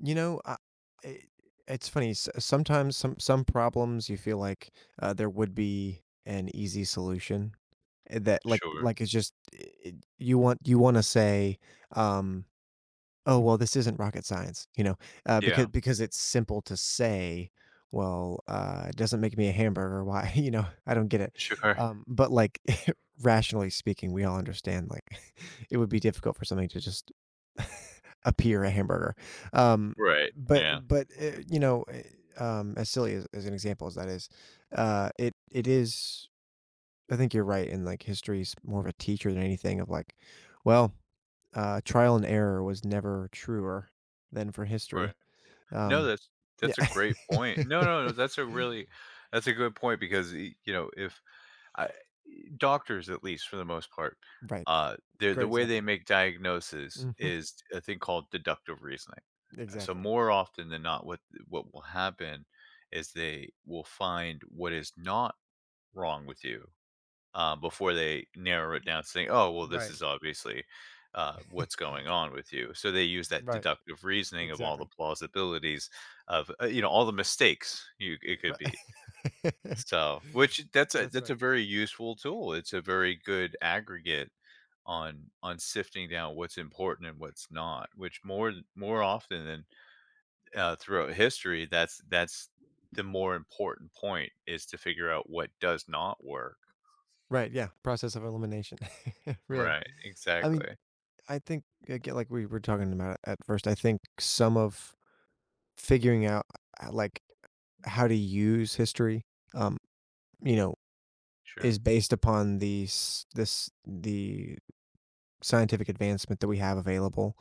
You know, uh, i it's funny, s sometimes some some problems you feel like, uh, there would be an easy solution, eh, that like Sure. like it's just, eh, it you want you wanna say, um, "Oh well, this isn't rocket science," you know, uh, Yeah. becau because it's simple to say, "Well, uh, it doesn't make me a hamburger, why, you know?" I don't get it, Sure. um, but like rationally speaking, we all understand, like, it would be difficult for something to just appear a hamburger, um, Right, but yeah. but, uh, you know, eh, um, as silly as as an example as that is, uh, it it is, I think you're right. And like history is more of a teacher than anything of like, well, uh, trial and error was never truer than for history. Right. No, Um that's n that's a great point. No, no, no, that's a really that's a good point because, e you know, if I e doctors, at least for the most part, Right. uh, they're Great the way they example. make diagnosis Mhm. is a thing called deductive reasoning. Uh, so Exactly. more often than not, what th what will happen is they will find what is not wrong with you, uh, before they narrow it down, saying, "Oh well, this Right. is obviously, uh, what's going on with you." So, they use that Right. deductive reasoning of all the Exactly. plausibilities of uh, you know, all the mistakes you it could Ri be. So, which that's a That's that's right. a very useful tool. It's a very good aggregate on on sifting down what's important and what's not, which more th more often than, uh, throughout history, that's that's the more important point is to figure out what does not work. Right, yeah, process of elimination. Really. Right, I mean, exactly. I think I get like we were talking about it at first. I think some of figuring out I I like how to use history, um, you know, Sure. is based upon these this the scientific advancement that we have available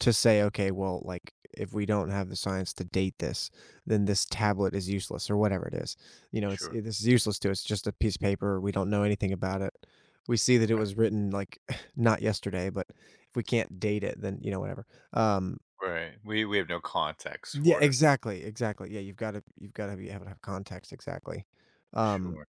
to say, "Okay, well, like, if we don't have the science to date this, then this tablet is useless," or whatever it is. You know, it's, Sure. i this is useless to us, just a piece of paper, we don't know anything about it. We see that it Right. was written like, not yesterday, but if we can't date it, then, you know, whatever. Um Right, we we have no context Yeah, for it. exactly, exactly. Yeah, you've gotta you've gotta be able to have context, exactly. Um Sure.